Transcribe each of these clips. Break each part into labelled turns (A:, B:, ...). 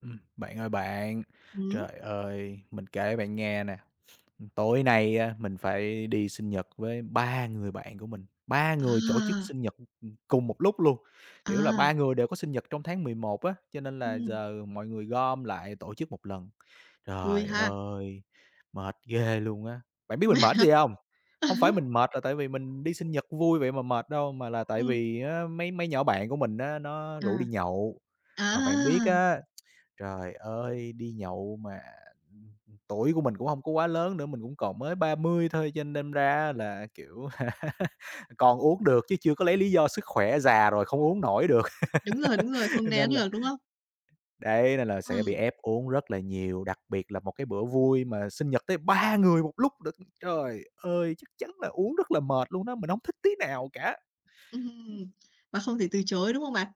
A: Ừm, bạn ơi bạn,
B: Hửm?
A: trời ơi, mình kể bạn nghe nè, ừm, tối nay á mình phải đi sinh nhật với 3 người bạn của mình, 3 người tổ chức
B: À.
A: sinh nhật, ừm, ừm, cùng một lúc luôn, kiểu là,
B: À.
A: 3 người đều có sinh nhật trong tháng 11 á, cho nên là
B: Ừm.
A: giờ mọi người gom lại tổ chức một lần.
B: Vui
A: Trời
B: ha.
A: ơi, mệt ghê luôn á! Bạn biết mình
B: Mệt
A: mệt
B: hả?
A: cái gì hông?
B: À
A: Hông
B: há.
A: phải mình mệt là tại vì mình đi sinh nhật vui vậy mà mệt đâu, mà là tại
B: Ừm.
A: vì á mấy mấy nhỏ bạn của mình á nó
B: À.
A: rủ đi nhậu.
B: À!
A: Mà bạn biết á, trời ơi, đi nhậu mà, ừm, tuổi của mình cũng hông có quá lớn nữa, mình cũng còn mới 30 thôi, cho nên đâm ra á là, kiểu, còn uống được chứ chưa có lấy lý do sức khỏe già rồi không uống nổi được.
B: Đúng rồi, đúng rồi, không
A: Cho
B: né
A: nên là
B: được, đúng không?
A: Đấy, nên là sẽ bị
B: Ừm.
A: ép uống rất là nhiều, đặc biệt là một cái bữa vui mà sinh nhật tới 3 người một lúc lận! Trời ơi, chắc chắn là uống rất là mệt luôn đó, mình hổng thích tí nào cả.
B: Ừm, mà không thể từ chối, đúng không bạn?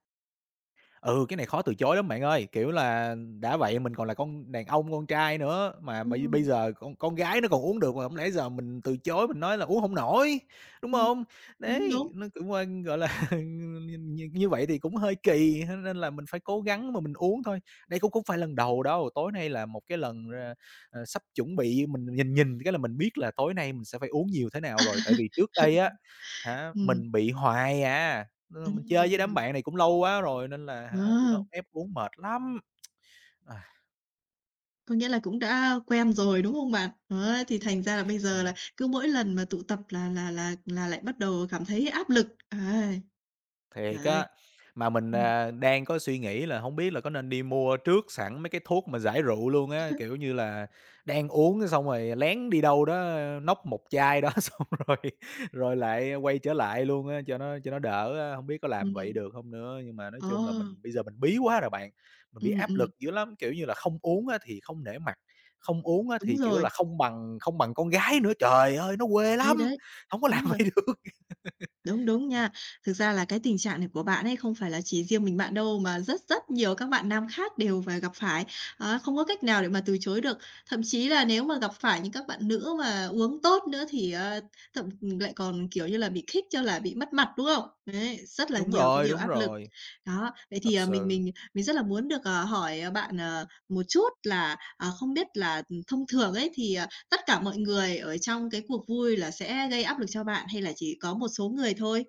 A: Ừ, cái này khó từ chối lắm bạn ơi, kiểu là, đã vậy mình còn là con đàn ông con trai nữa, mà bây bây
B: Ừm.
A: giờ con con gái nó còn uống được mà hông lẽ giờ mình từ chối mình nói là uống hổng nổi, đúng
B: Ừm.
A: hông?
B: Đúng,
A: Đấy,
B: đúng.
A: nó cũng, ơ, gọi là, ừm, nh nh như vậy thì cũng hơi kỳ ha nên là mình phải cố gắng mà mình uống thôi. Đây cũng không phải lần đầu đâu, tối nay là một cái lần ra à, sắp chuẩn bị mình nhìn nhìn cái là mình biết là tối nay mình sẽ phải uống nhiều thế nào rồi, tại vì trước đây á hả,
B: Ừm.
A: mình bị hoài à, nên là mình chơi với đám
B: Ừm.
A: bạn này cũng lâu quá rồi nên là hả, tụi nó
B: Ờ!
A: ép uống mệt lắm.
B: Có nghĩa là cũng đã quen rồi, đúng không bạn? Đó, thì thành ra là bây giờ là
A: Ừm.
B: cứ mỗi lần mà tụ tập là là là là lại bắt đầu cảm thấy áp lực, ấy.
A: Thiệt
B: Trời ơi!
A: á. Mà mình,
B: Ừm.
A: à, đang có suy nghĩ là hổng biết là có nên đi mua trước sẵn mấy cái thuốc mà giải rượu luôn á,
B: [unintelligible]
A: kiểu như là, đang uống cái xong rồi lén đi đâu đó nốc một chai đó xong rồi rồi lại quay trở lại luôn á cho nó cho nó đỡ, a, hông biết có làm vậy
B: Ừm.
A: được hông nữa. Nhưng mà nói
B: Ờ.
A: chung là mình bây giờ mình bí quá rồi bạn, mình bị
B: Ừm,
A: áp
B: ừm.
A: lực dữ lắm, kiểu như là, không uống á thì không nể mặt, không uống á
B: Đúng
A: thì, kiểu
B: rồi.
A: là, không bằng không bằng con gái nữa, trời ơi, nó quê
B: Đấy,
A: lắm,
B: đấy.
A: hổng có làm
B: Đúng rồi.
A: vậy được.
B: Đúng, đúng nha. Thực ra là cái tình trạng này của bạn ấy không phải là chỉ riêng mình bạn đâu mà rất rất nhiều các bạn nam khác đều phà gặp phải, á, không có cách nào để mà từ chối được. Thậm chí là nếu mà gặp phải những các bạn nữ mà uống tốt nữa thì, ơ, thậm lại còn, kiểu như là, bị khích cho là bị mất mặt, đúng không? Đấy, rất là
A: Đúng
B: nhiều cái
A: rồi,
B: điều
A: đúng
B: áp lực.
A: rồi.
B: Đó, vậy
A: Thật
B: thì, ờ, mình
A: sự.
B: mình mình rất là muốn được, ờ, hỏi bạn, ờ, một chút là, ờ, không biết là, ừm, thông thường ấy thì, ờ, tất cả mọi người ở trong cái cuộc vui là sẽ gây áp lực cho bạn, hay là chỉ có một số người thôi?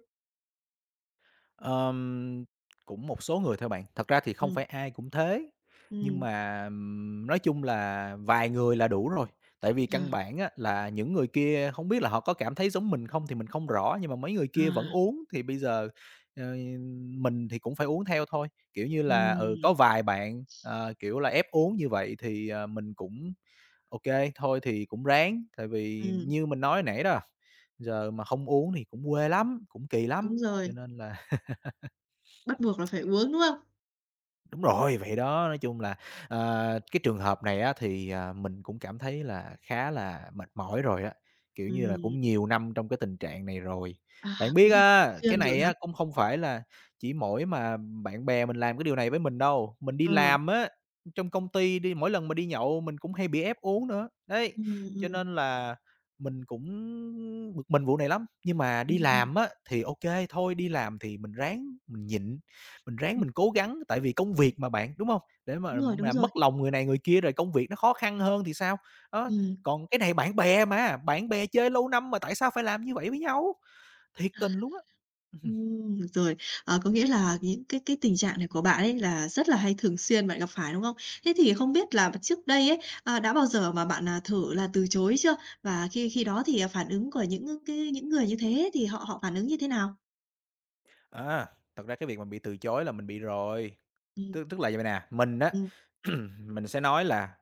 A: Ờm, cũng một số người thôi bạn, thật ra thì không
B: Ừm.
A: phải ai cũng thế, nhưng
B: Ừm.
A: mà nói chung là vài người là đủ rồi, tại vì căn
B: À.
A: bản á là những người kia không biết là họ có cảm thấy giống mình không thì mình không rõ nhưng mà mấy người kia vẫn
B: À.
A: uống thì bây giờ, ờ, mình thì cũng phải uống theo thôi. Kiểu như là, ừ, có
B: Ừm.
A: vài bạn, à, kiểu là, ép uống như vậy thì, ờ, mình cũng ô kê, thôi, thì cũng ráng, tại vì
B: Ừm.
A: như mình nói hồi nãy đó, giờ mà không uống thì cũng quê lắm, cũng kì
B: Đúng
A: lắm,
B: rồi.
A: cho nên là
B: Bắt buộc là phải uống, đúng không?
A: Đúng rồi, vậy đó, nói chung là, ờ, cái trường hợp này á thì, à, mình cũng cảm thấy là khá là mệt mỏi rồi á, kiểu như là,
B: Ừm.
A: cũng nhiều năm trong cái tình trạng này rồi.
B: À,
A: Bạn
B: cũng
A: biết
B: [unintelligible] thường
A: á cái
B: xuyên rồi
A: này
B: hả?
A: á không không phải là chỉ mỗi mà bạn bè mình làm cái điều này với mình đâu, mình đi
B: Ừ.
A: làm á, ừm, trong công ty đi, mỗi lần mà đi nhậu mình cũng hay bị ép uống nữa. Đấy,
B: Ừm,
A: cho
B: ừm.
A: nên là mình cũng bực mình vụ này lắm, nhưng mà đi
B: Ừm, ừm.
A: làm á thì ô kê, thôi, đi làm thì mình ráng mình nhịn, mình ráng
B: Ừm.
A: mình cố gắng tại vì công việc mà bạn, đúng hông? Để mà
B: Đúng rồi, đúng
A: làm
B: rồi.
A: mất lòng người này người kia rồi công việc nó khó khăn hơn thì sao, đó,
B: Ừm.
A: còn cái này bạn bè mà, bạn bè chơi lâu năm mà tại sao phải làm như vậy với nhau? Thiệt
B: À,
A: tình luôn á, ừ hừm.
B: ừm. Rồi, ờ, có nghĩa là những cái cái tình trạng này của bạn ấy là rất là hay thường xuyên bạn gặp phải, đúng không? Thế thì không biết là p trước đây ấy, a, đã bao giờ mà bạn, à, thử là từ chối chưa? Và khi khi đó thì, à, phản ứng của những, ơ, cái những người như thế thì họ họ phản ứng như thế nào?
A: À, thật ra cái việc mà bị từ chối là mình bị rồi,
B: Ừm.
A: tức tức là vầy vầy nè, mình á,
B: Ừm.
A: mình sẽ nói là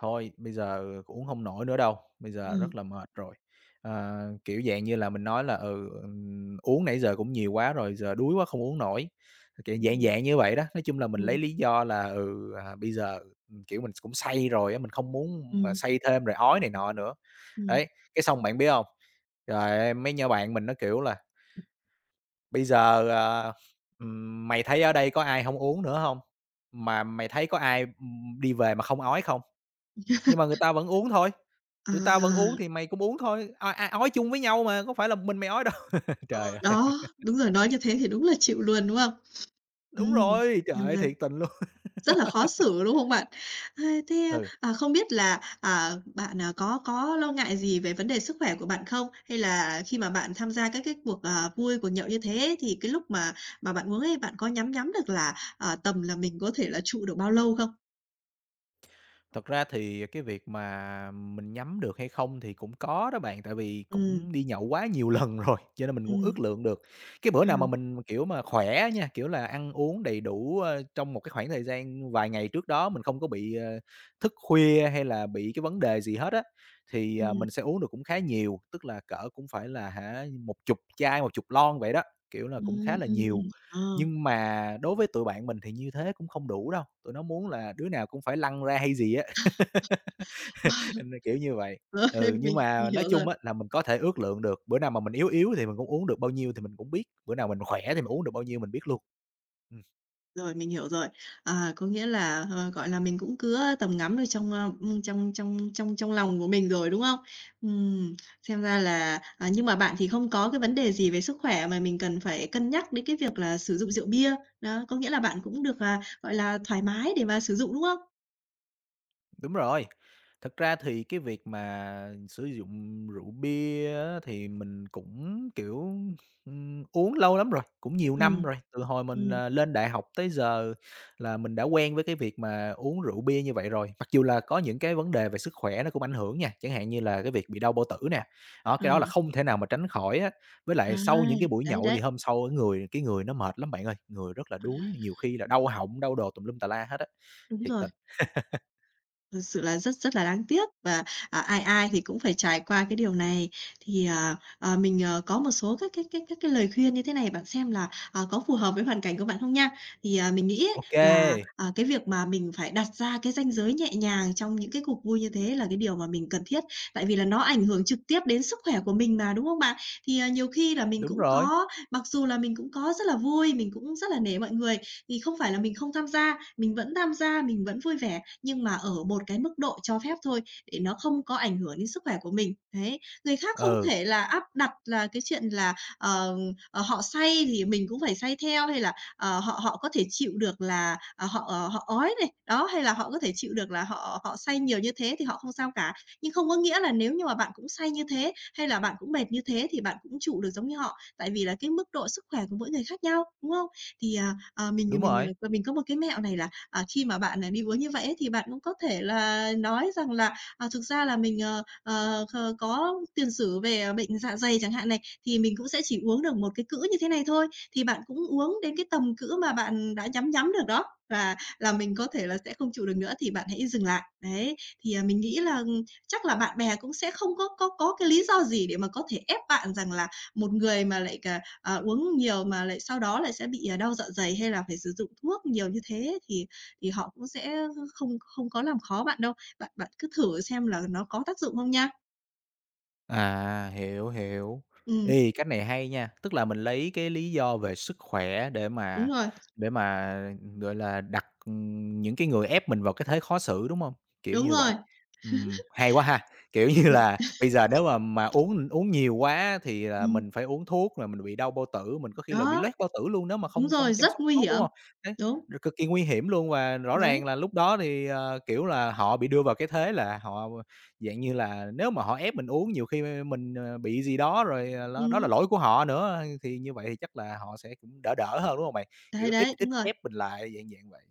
A: "Thôi bây giờ uống hông nổi nữa đâu, bây giờ rất
B: Ừm.
A: là mệt rồi," ờ, kiểu dạng như là, mình nói là "ừ, ừ, uống nãy giờ cũng nhiều quá rồi, giờ đuối quá không uống nổi," kiểu, dạng
B: Ừm.
A: dạng như vậy đó. Nói chung là mình lấy
B: Ừm.
A: lý do là, ừ, à, bây giờ, ừm, kiểu, mình cũng say rồi á, mình không muốn mà
B: Ừm.
A: say thêm rồi ói này nọ nữa.
B: Ừm.
A: Đấy, cái xong bạn biết hông? Trời ơi, mấy nhỏ bạn mình nó, kiểu là "Bây giờ, ờ, ừm, mày thấy ở đây có ai hổng uống nữa hông, mà mày thấy có ai đi về mà không ói không? Nhưng mà người ta vẫn uống thôi, tụi tao vẫn uống
B: À.
A: thì mày cũng uống thôi, o a, ói chung với nhau mà, có phải là một mình mày ói đâu."
B: Ờ,
A: Trời ơi.
B: đó, đúng rồi, nói như thế thì đúng là chịu luôn, đúng không?
A: Đúng
B: Ừm.
A: rồi, trời
B: Xem
A: ơi,
B: ra
A: thiệt tình luôn.
B: rất là khó xử, đúng không bạn? Ơ, thế,
A: Ừ.
B: à, không biết là, ờ, bạn có có lo ngại gì về vấn đề sức khỏe của bạn không? Hay là khi mà bạn tham gia các cái cuộc, ờ, vui, cuộc nhậu như thế thì cái lúc mà mà bạn uống ấy bạn có nhắm nhắm được là, ờ, tầm là mình có thể là trụ được bao lâu không?
A: Thật ra thì cái việc mà mình nhắm được hay không thì cũng có đó bạn, tại vì
B: Ừm.
A: cũng đi nhậu quá nhiều lần rồi, cho nên mình cũng
B: Ừm.
A: ước lượng được. Cái bữa nào mà
B: À.
A: mình kiểu mà khỏe nha, kiểu là, ăn uống đầy đủ, ơ, trong một cái khoảng thời gian vài ngày trước đó mình không có bị, ờ, thức khuya hay là bị cái vấn đề gì hết á, thì, à,
B: Ừm.
A: mình sẽ uống được cũng khá nhiều, tức là cỡ cũng phải là, hả, một chục chai, một chục lon vậy đó, kiểu là, cũng
B: Ừm,
A: khá là
B: ừm,
A: nhiều.
B: ờ.
A: Nhưng mà đối với tụi bạn mình thì như thế cũng không đủ đâu, tụi nó muốn là đứa nào cũng phải lăn ra hay gì á. Đâm ra kiểu như vậy.
B: Rồi,
A: Ừ,
B: mình
A: nhưng
B: mình
A: mà nói
B: hiểu rồi.
A: chung á là mình có thể ước lượng được, bữa nào mà mình yếu yếu thì mình cũng uống được bao nhiêu thì mình cũng biết, bữa nào mình khỏe thì mình uống được bao nhiêu mình biết luôn. Ừm.
B: Rồi, mình hiểu rồi. À, có nghĩa là, ờ, gọi là, mình cũng cứa tầm ngắm ở trong, ơ, ưm, trong trong trong trong lòng của mình rồi, đúng không? Ừm, xem ra là à, nhưng mà bạn thì không có cái vấn đề gì về sức khỏe mà mình cần phải cân nhắc đến cái việc là sử dụng rượu bia. Đó, có nghĩa là bạn cũng được, à, gọi là, thoải mái để mà sử dụng, đúng không?
A: Đúng rồi, thực ra thì cái việc mà sử dụng rượu bia á thì mình cũng, kiểu, ưm, uống lâu lắm rồi, cũng nhiều năm
B: Ừm,
A: rồi, từ hồi mình,
B: ừm.
A: à, lên đại học tới giờ là mình đã quen với cái việc mà uống rượu bia như vậy rồi. Mặc dù là có những cái vấn đề về sức khỏe nó cũng ảnh hưởng nha, chẳng hạn như là cái việc bị đau bao tử nè, đó, cái đó là
B: À.
A: không thể nào mà tránh khỏi á, với
B: À,
A: lại sau những cái buổi
B: đấy,
A: nhậu thì
B: đấy.
A: hôm sau cái người cái người nó mệt lắm bạn ơi, người rất là
B: À.
A: đuối, nhiều khi là đau họng, đau đồ tùm lum tà la hết á,
B: Đúng
A: thiệt
B: rồi.
A: tình.
B: Thật sự là rất rất là đáng tiếc và, ờ, ai ai thì cũng phải trải qua cái điều này. Thì, ờ, ờ, mình, ờ, có một số các cái cái cái cái lời khuyên như thế này, bạn xem là, ờ, có phù hợp với hoàn cảnh của bạn không nha. Thì, à, mình nghĩ á
A: Ô
B: là,
A: kê.
B: à, cái việc mà mình phải đặt ra cái ranh giới nhẹ nhàng trong những cái cuộc vui như thế là cái điều mà mình cần thiết. Tại vì là nó ảnh hưởng trực tiếp đến sức khỏe của mình mà, đúng không bạn? Thì, à, nhiều khi là mình
A: Đúng
B: cũng
A: rồi.
B: có mặc dù là mình cũng có rất là vui, mình cũng rất là nể mọi người, thì không phải là mình không tham gia, mình vẫn tham gia, mình vẫn vui vẻ, nhưng mà ở một cái mức độ cho phép thôi, để nó không có ảnh hưởng đến sức khỏe của mình. Đấy. Người khác không
A: Ừ.
B: thể là áp đặt là cái chuyện là, ờm, ờ, họ say thì mình cũng phải say theo hay là, ờ, họ họ có thể chịu được là, ờ, họ, ờ, họ ói này, đó, hay là họ có thể chịu được là họ họ say nhiều như thế thì họ không sao cả. Nhưng không có nghĩa là nếu như mà bạn cũng say như thế hay là bạn cũng mệt như thế thì bạn cũng trụ được giống như họ. Tại vì là cái mức độ sức khỏe của mỗi người khác nhau, đúng không? Thì, à, à, mình
A: Đúng
B: mình
A: rồi.
B: mình có một cái mẹo này là, à, khi mà bạn đi uống như vậy ấy, thì bạn cũng có thể là nói rằng là, à, thực ra là mình, ờ, ờ, ờ, có tiền sử về bệnh dạ dày chẳng hạn này, thì mình cũng sẽ chỉ uống được một cái cữ như thế này thôi, thì bạn cũng uống đến cái tầm cữ mà bạn đã nhắm nhắm được đó là là mình có thể là sẽ không chịu được nữa thì bạn hãy dừng lại. Đấy. Thì, à, mình nghĩ là chắc là bạn bè cũng sẽ không có có có cái lý do gì để mà có thể ép bạn rằng là một người mà lại, ờ, ờ, uống nhiều mà lại sau đó lại sẽ bị đau dạ dày hay là phải sử dụng thuốc nhiều như thế, thì thì họ cũng sẽ không không có làm khó bạn đâu. Bạn bạn cứ thử xem là nó có tác dụng không nha.
A: À, hiểu, hiểu.
B: Ừm.
A: Ê, cách này hay nha, tức là mình lấy cái lý do về sức khỏe để
B: Đúng
A: mà
B: rồi.
A: để mà, gọi là, đặt những cái người ép mình vào cái thế khó xử, đúng hông? Kiểu
B: Đúng
A: như vậy,
B: rồi.
A: ừm, hay quá ha, kiểu như
B: Bị
A: là, bây giờ nếu mà mà uống uống nhiều quá á, thì là
B: Ừm.
A: mình phải uống thuốc rồi mình bị đau bao tử, mình có khi là bị
B: Đó.
A: loét bao tử luôn, nếu mà
B: Đúng
A: không không
B: rồi,
A: chăm
B: rất
A: sóc
B: nguy
A: tốt, đúng
B: hiểm.
A: hông? Đấy,
B: Đúng.
A: r cực kỳ nguy hiểm luôn và rõ
B: Đấy.
A: ràng là lúc đó thì, ờ, kiểu là, họ bị đưa vào cái thế là họ, dạng như là, nếu mà họ ép mình uống nhiều khi m mình, ờ, bị gì đó rồi ló đó là
B: Ừm.
A: lỗi của họ nữa, thì như vậy chắc là họ sẽ cũng đỡ đỡ hơn, đúng hông bạn?
B: Đấy,
A: Kiểu, ít
B: đấy,
A: ít
B: đúng rồi.
A: ép mình lại, dạng dạng vậy,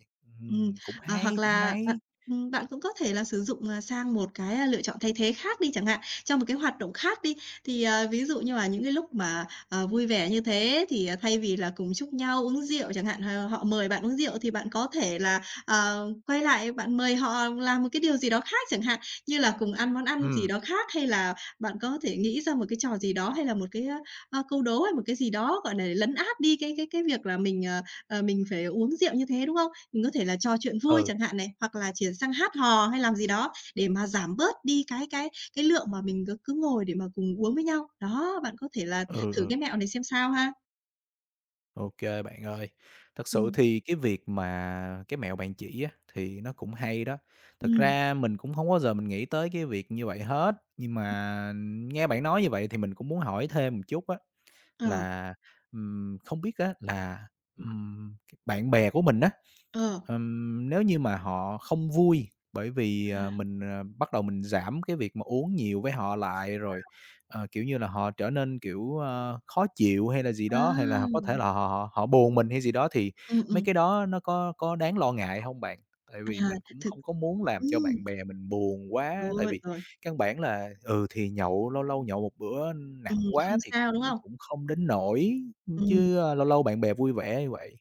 B: Ừm,
A: ừm, cũng
B: ờ, hoặc
A: hay, cũng
B: là, ờ,
A: hay.
B: ừm, bạn cũng có thể là sử dụng, ơ, sang một cái lựa chọn thay thế khác đi chẳng hạn, trong một cái hoạt động khác đi. Thì, ờ, ví dụ như mà những cái lúc mà, ờ, vui vẻ như thế thì thay vì là cùng chúc nhau uống rượu chẳng hạn, ờ, họ mời bạn uống rượu thì bạn có thể là, ờ, quay lại bạn mời họ làm một cái điều gì đó khác chẳng hạn, như là cùng ăn món ăn gì
A: Ừm.
B: đó khác hay là bạn có thể nghĩ ra một cái trò gì đó, hay là một cái, a, ơ, câu đố hay một cái gì đó, gọi là, lấn át đi cái cái cái việc là mình, ờ, ờ, mình phải uống rượu như thế, đúng không? Mình có thể là trò chuyện vui
A: Ừ.
B: chẳng hạn này, hoặc là chuyển sang hát hò hay làm gì đó để mà giảm bớt đi cái cái cái lượng mà mình cứ cứ ngồi để mà cùng uống với nhau. Đó, bạn có thể là
A: Ừ,
B: thử
A: ừ.
B: cái mẹo này xem sao ha.
A: Ô kê, bạn ơi, thật sự
B: Ừm.
A: thì cái việc mà cái mẹo bạn chỉ á, thì nó cũng hay đó. Thực
B: Ừm.
A: ra mình cũng hông bao giờ mình nghĩ tới cái việc như vậy hết, nhưng
B: Ừm.
A: mà nghe bạn nói như vậy thì mình cũng muốn hỏi thêm một chút á,
B: Ờ.
A: là, ừm, không biết á, là, ừm, bạn bè của mình á,
B: Ờ.
A: ừm, nếu như mà họ không vui bởi vì, ờ,
B: À.
A: mình bắt đầu mình giảm cái việc mà uống nhiều với họ lại rồi,
B: À.
A: ờ, kiểu như là, họ trở nên, kiểu, ờ, khó chịu hay là gì
B: À.
A: đó, hay là họ có thể là họ họ họ buồn mình hay gì đó thì
B: Ừm,
A: mấy
B: ừm.
A: cái đó nó có có đáng lo ngại hông bạn? Tại vì
B: À,
A: mình cũng
B: thực
A: không có muốn làm cho bạn
B: ừm.
A: bè mình buồn quá, tại
B: Rồi,
A: vì
B: rồi.
A: căn bản là, ừ, thì nhậu lâu lâu nhậu một bữa nặng
B: Ừm,
A: quá
B: không
A: thì
B: sao, đúng
A: cũng
B: không?
A: cũng không đến nỗi,
B: Ừm.
A: chứ lâu lâu bạn bè vui vẻ như vậy.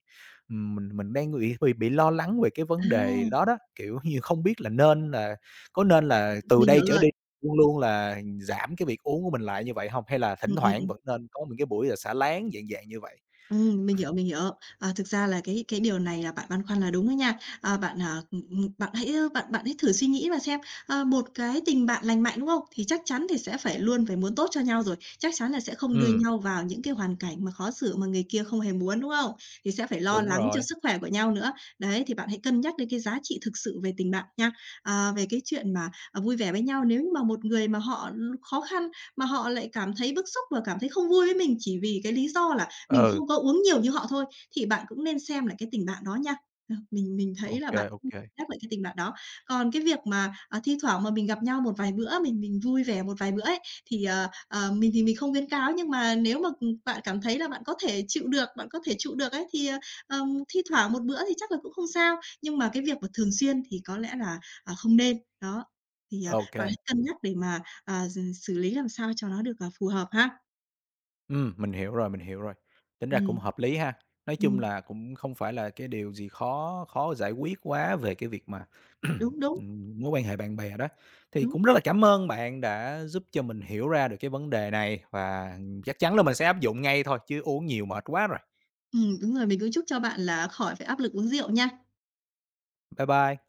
A: Ừm, mình mình đang ng b bị lo lắng về cái
B: À.
A: vấn đề đó đó, kiểu như, không biết là nên là có nên là
B: Ừm, ừm,
A: từ
B: mình
A: đây
B: hiểu
A: trở
B: rồi.
A: đi luôn luôn là giảm cái việc uống của mình lại như vậy hông hay là thỉnh
B: Ừm, ừm,
A: thoảng
B: ừm.
A: vẫn nên có những cái buổi, à, xả láng dạng dạng như vậy?
B: Ừm, mình hiểu, mình hiểu. Ờ, thực ra là cái cái điều này là bạn băn khoăn là đúng đó nha. À, bạn, à, ừm, ừm, bạn hãy bạn bạn hãy thử suy nghĩ mà xem, ờ, một cái tình bạn lành mạnh, đúng không? Thì chắc chắn thì sẽ phải luôn phải muốn tốt cho nhau rồi, chắc chắn là sẽ không đưa
A: Ừm.
B: nhau vào những cái hoàn cảnh mà khó xử mà người kia không hề muốn, đúng không? Thì sẽ phải lo
A: Đúng
B: lắng cho
A: rồi.
B: sức khỏe của nhau nữa, đấy, thì bạn hãy cân nhắc đến cái giá trị thực sự về tình bạn nha. Ờ, về cái chuyện mà, ờ, vui vẻ với nhau, nếu như mà một người mà họ khó khăn, mà họ lại cảm thấy bức xúc và cảm thấy không vui với mình chỉ vì cái lý do là mình
A: Ừ.
B: không có uống nhiều như họ thôi, thì bạn cũng nên xem lại cái tình bạn đó nha, ờ, mình mình
A: Ô
B: thấy là
A: kê,
B: bạn,
A: ô
B: ừm,
A: kê.
B: nhắc lại cái tình bạn đó. Còn cái việc mà, ờ, thi thoảng mà mình gặp nhau một vài bữa mình mình vui vẻ một vài bữa ấy, thì, ờ, ờ, mình thì mình không khuyến cáo, nhưng mà nếu mà, ừm, bạn cảm thấy là bạn có thể chịu được, bạn có thể trụ được ấy, thì, ờ, ờ, thi thoảng một bữa thì chắc là cũng không sao, nhưng mà cái việc mà thường xuyên thì có lẽ là, ờ, không nên. Đó, thì, ờ,
A: Ô
B: bạn
A: kê.
B: hãy cân nhắc để mà, à, giừ xử lý làm sao cho nó được, ờ, phù hợp ha.
A: Ừm, mình hiểu rồi, mình hiểu rồi, tính ra cũng
B: Ừm.
A: hợp lý ha. Nói chung
B: Ừm.
A: là cũng không phải là cái điều gì khó khó giải quyết quá về cái việc mà,
B: Đúng, đúng.
A: ừm, mối quan hệ bạn bè đó. Thì
B: Đúng.
A: cũng rất là cảm ơn bạn đã giúp cho mình hiểu ra được cái vấn đề này và chắc chắn là mình sẽ áp dụng ngay thôi chứ uống nhiều mệt quá rồi.
B: Ừm, đúng rồi, mình cũng chúc cho bạn là khỏi phải áp lực uống rượu nha.
A: Bye bye.